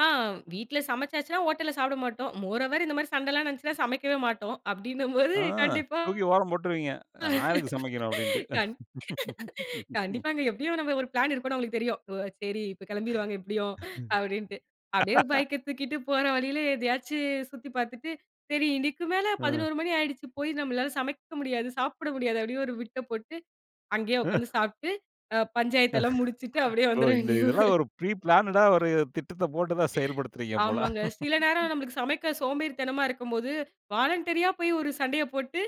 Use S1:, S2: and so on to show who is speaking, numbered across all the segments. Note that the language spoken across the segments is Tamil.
S1: ஆ வீட்ல சமைச்சாச்சுன்னா ஹோட்டல்ல சாப்ட மாட்டோம். மோரோவெர், இந்த மாரி சண்டலாம் நடந்துச்சுனா சமைக்கவே மாட்டோம். அப்டின்னும்போது,
S2: ஆ
S1: கண்டிப்பா
S2: தூக்கி ஓரம்போட்ருவீங்க. நான் எதுக்குச் சமைக்கணும் அப்டின்ட்டு.
S1: கண் கண்டிப்பாங்க, எப்டியும் நம்ம ஒரு பிளான் இருக்குனு அவுங்களுக்கு தெரியும். ஓ! செரி இப்ப கிளம்பிருவாங்க எப்டியும் அப்டின்ட்டு, அப்டியே பைக் எடுத்துக்கிட்டு போற வழில எதயாச்சு சுத்தி பாத்துட்டு, செரி இன்னைக்கு மேல
S2: ம்.
S1: 11 மணி ஆயிடுச்சு போய் நம்மளால சமைக்க முடியாது, சாப்ட முடியாது அப்படியே ஒரு பிட்ட போட்டு, அங்கே
S2: அ,
S1: உக்காந்து சாப்ட்டு, அ பஞ்சாயத்தலாம் முடிச்சுட்டு அப்டியே
S2: ஓ!
S1: வந்துர
S2: இந்த
S1: வேண்டியது.
S2: இதெலாம் ஒரு ப்ரி பிளான்டா ஒரு திட்டத்த போட்டுதான் செயல்படுத்துறீங்க போல.
S1: ஆமாங்க. சில நேரம் நமக்கு சமைக்க சோம்பேறித்தனமா இருக்கும்போது வாலண்டறியா போயி ஒரு சண்டய போட்டு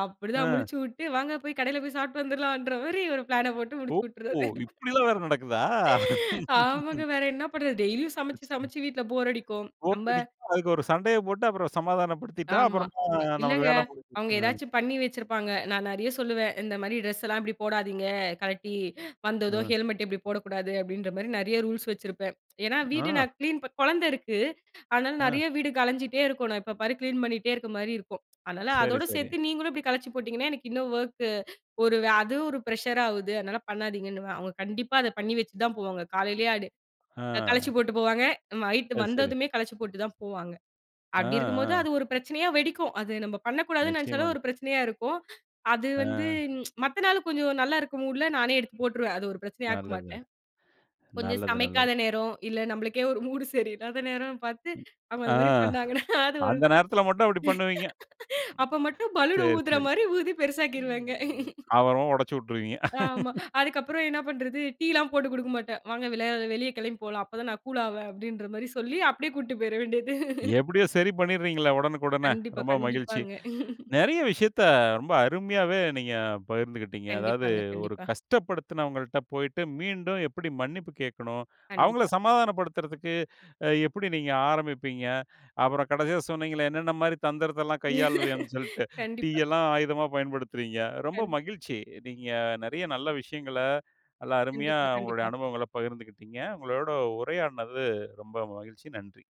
S1: அப்டித்தான்
S2: அ.
S1: முடிச்சுவுட்டு வாங்க போயி கடைல போயி சாப்ட்டு வந்துடலாம்ன்ற மாரி ஒரு பிளான்ன போட்டு
S2: ஓ!
S1: முடிச்சுவிட்டுடுறது.
S2: இப்படில்லாம் வேற நடக்குதா?
S1: ஆமாங்க, வேற என்ன பண்றது, டெய்லியும் சமச்சு சமச்சு வீட்ல போர் அடிக்கும்.
S2: போர்
S1: நம்ம
S2: அடிக்கும். அதுக்கு ஒரு சண்டயப் போட்டு அப்றம் சமாதானப்படுத்திட்டா
S1: ஆமா.
S2: அப்றம் நமக்கு
S1: இல்லங்க
S2: வேல முடிஞ்சுடும்.
S1: அவுங்க
S2: ஆ.
S1: எதாச்சு பண்ணி வச்சிருப்பாங்க. நான் நெறைய சொல்லுவேன், இந்த மாரி டிரஸ்லாம் இப்டி போடாதீங்க. கழட்டி வந்ததும்
S2: ஆ.
S1: ஹெல்மெட் இப்டி போடக் கூடாது, அப்டின்ற மாரி நெறைய ரூல்ஸ் வச்சிருப்பேன். ஏன்னா வீடு
S2: ஆ.
S1: நான் கிளீன் குழந்த இருக்கு, அதுனால
S2: ஆ.
S1: நெறைய வீடு கழஞ்சிட்டே இருக்கும். எப்ப பாரு கிளீன் பண்ணிட்டே இருக்க மாரி இருக்கும். அதுனால
S2: சரி.
S1: அதோட
S2: சரி.
S1: சேத்து நீங்களும் இப்டி கழிச்சு போட்டிங்கன்னா எனக்கு இன்னும் வொர்க் ஒரு அது ஒரு பிரஷர் ஆகுது, அதுனால பண்ணாதீங்கன்னு. அவுங்க கண்டிப்பா அத பண்ணி வச்சுதான் போவாங்க. காலலேயே அது கழச்சு
S2: ஆ.
S1: போட்டுப் போவாங்க. நைட்
S2: அது செரி.
S1: வந்ததுமே கழச்சு போட்டுதான் போவாங்க.
S2: ஆ.
S1: அப்டி இருக்கும்போது
S2: அ.
S1: அது ஒரு பிரச்சனயா வெடிக்கும். அத நம்ம பண்ணக்கூடாதுன்னு நினச்சாலே
S2: நிச்சயமா.
S1: ஒரு பிரச்சனயா இருக்கும். அது வந்து
S2: ஆ.
S1: மத்த நாள் கொஞ்சம் நல்லா இருக்கும் மூட்ல நானே எடுத்துப் போட்ருவேன். அது ஒரு பிரச்சனயாக்க
S2: நல்லது.
S1: மாட்டேன். கொஞ்சம்
S2: நல்லது நல்லது.
S1: சமைக்காத நேரம், இல்ல நம்மளுக்கே ஒரு மூட் சரியில்லாத நேரம் பாத்து அவங்க
S2: ஆ.
S1: அந்த மாரி பண்ணாங்கன்னா அது ஒரு
S2: அந்த நேரத்துல மட்டும் அப்படி பண்ணுவீங்க.
S1: அப்ப மட்டும் பலூன்
S2: செரி
S1: ஊதற
S2: செரி.
S1: மாரி ஊதி பெருசாக்கிருவேங்க.
S2: அப்றம் ஒடச்சுவிட்ருவீங்க.
S1: ஆமா, அதுக்கப்றம் என்ன பண்றது, டீலாம் போட்டுக் குடுக்க மாட்டேன். வாங்க வெளியே வெளிய கெளம்பிப் போலாம். அப்பதான் நான் கூல் ஆவேன், அப்டின்ற மாரி சொல்லி அப்டியே கூட்டு போயிடவேண்டியது.
S2: எப்டியோ செரி பண்ணிடுறீங்கள ஒடனுக்குடனே.
S1: கண்டிப்பா,
S2: ரொம்ப மகிழ்ச்சி.
S1: கண்டிப்பாங்க.
S2: நெறய விஷயத்த ரொம்ப அருமையாவே நீங்கப் பகிர்ந்துக்கிட்டீங்க. அதாவது
S1: கண்டிப்பாங்க,
S2: ஒரு
S1: கண்டிப்பா.
S2: கஷ்டப்படுத்தினவங்கள்ட்ட போயிட்டு மீண்டும் எப்டி மன்னிப்பு கேக்கணும், அவங்கள
S1: கண்டிப்பா.
S2: சமாதானப்படுத்துறதுக்கு அ எப்டி நீங்க ஆரம்பிப்பீங்க. அப்றம் கடசியா சொன்னீங்கல, "என்னென்ன மாரி தந்திரத்தல்லாம் கையாள்வீங்கன்னு" சொல்லிட்டு,
S1: கண்டிப்பா.
S2: டீயலாம் ஆயுதமா பயன்படுத்துறீங்க. ரொம்ப
S1: கண்டிப்
S2: மகிழ்ச்சி. நீங்க நெறய நல்ல விஷயங்கள நல்ல அருமயா
S1: கண்டிப்பா
S2: உங்களுடைய
S1: கண்டிப்பா.
S2: அனுபவங்கள்ல பகிர்ந்துக்கிட்டீங்க. உங்களோட உரையாடுனது ரொம்ப மகிழ்ச்சி. நன்றி.